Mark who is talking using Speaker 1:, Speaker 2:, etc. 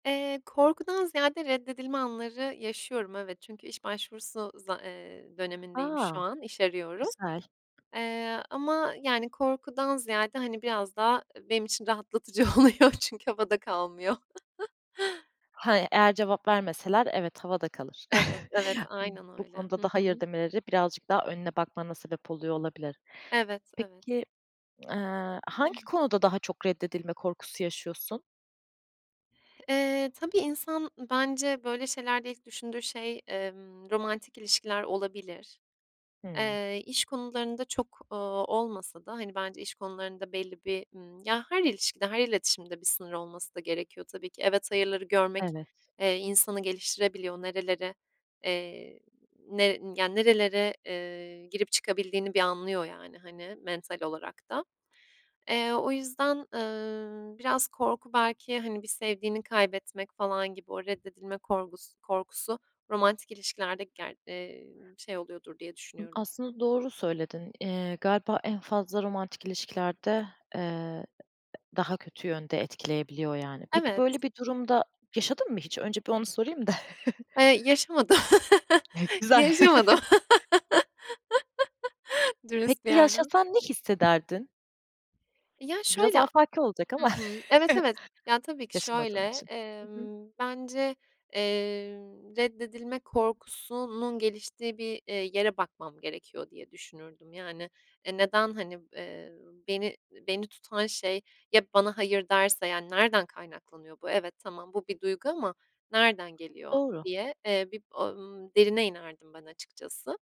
Speaker 1: Eee, korkudan ziyade reddedilme anları yaşıyorum, evet. Çünkü iş başvurusu za ııı, dönemindeyim şu
Speaker 2: A,
Speaker 1: an, iş arıyorum.
Speaker 2: güzel.
Speaker 1: Eee, ama, yani, korkudan ziyade, hani, biraz da, ııı, benim için rahatlatıcı oluyor çünkü havada kalmıyor.
Speaker 2: He, eğer cevap vermeseler evet havada kalır.
Speaker 1: Evet, evet, aynen
Speaker 2: Bu
Speaker 1: öyle. Hı
Speaker 2: konuda da hayır
Speaker 1: hı.
Speaker 2: demeleri birazcık daha önüne bakmana sebep oluyor olabilir.
Speaker 1: Evet, evet.
Speaker 2: Peki, eee, hangi konuda daha çok reddedilme korkusu yaşıyorsun?
Speaker 1: Eee, tabii insan bence böyle şeylerde ilk düşündüğü şey, emm, romantik ilişkiler olabilir.
Speaker 2: Hıı.
Speaker 1: Eee, iş konularında çok, ııı, olmasa da, hani, bence iş konularında belli bir, ımm, ya her ilişkide, her iletişimde bir sınır olması da gerekiyor tabii ki. Evet, hayırları görmek,
Speaker 2: Evet.
Speaker 1: eee, insanı geliştirebiliyor. Nerelere, eee, ne ya nerelere, eee, girip çıkabildiğini bir anlıyor, yani, hani, mental olarak da. Eee, o yüzden, ııı, biraz korku belki, hani, bir sevdiğini kaybetmek falan gibi o reddedilme korkus korkusu romantik ilişkilerde ger ııı, şey oluyordur diye düşünüyorum.
Speaker 2: Aslında doğru söyledin. Eee, galiba en fazla romantik ilişkilerde, eee, daha kötü yönde etkileyebiliyor yani. Peki,
Speaker 1: Evet.
Speaker 2: böyle bir durumda yaşadın mı hiç? Önce bir onu sorayım da.
Speaker 1: Eee, yaşamadım.
Speaker 2: Güzel.
Speaker 1: Yaşamadım.
Speaker 2: Peki,
Speaker 1: Dürüst bir yerden.
Speaker 2: yaşasan ne hissederdin?
Speaker 1: Ya
Speaker 2: Biraz
Speaker 1: şöyle, a
Speaker 2: afaki olacak
Speaker 1: Hı
Speaker 2: ama
Speaker 1: hı, evet, evet. Ya, tabii ki şöyle,
Speaker 2: yaşamadığın için. I hı.
Speaker 1: emm, bence, eee, reddedilme korkusunun geliştiği bir, eee, yere bakmam gerekiyor diye düşünürdüm, yani, e neden, hani, eee, beni beni tutan şey Ya, bana hayır derse, yani, nereden kaynaklanıyor bu? Evet, tamam bu bir duygu ama nereden geliyor
Speaker 2: Doğru.
Speaker 1: diye, eee, bir, ımm, derine inerdim ben açıkçası.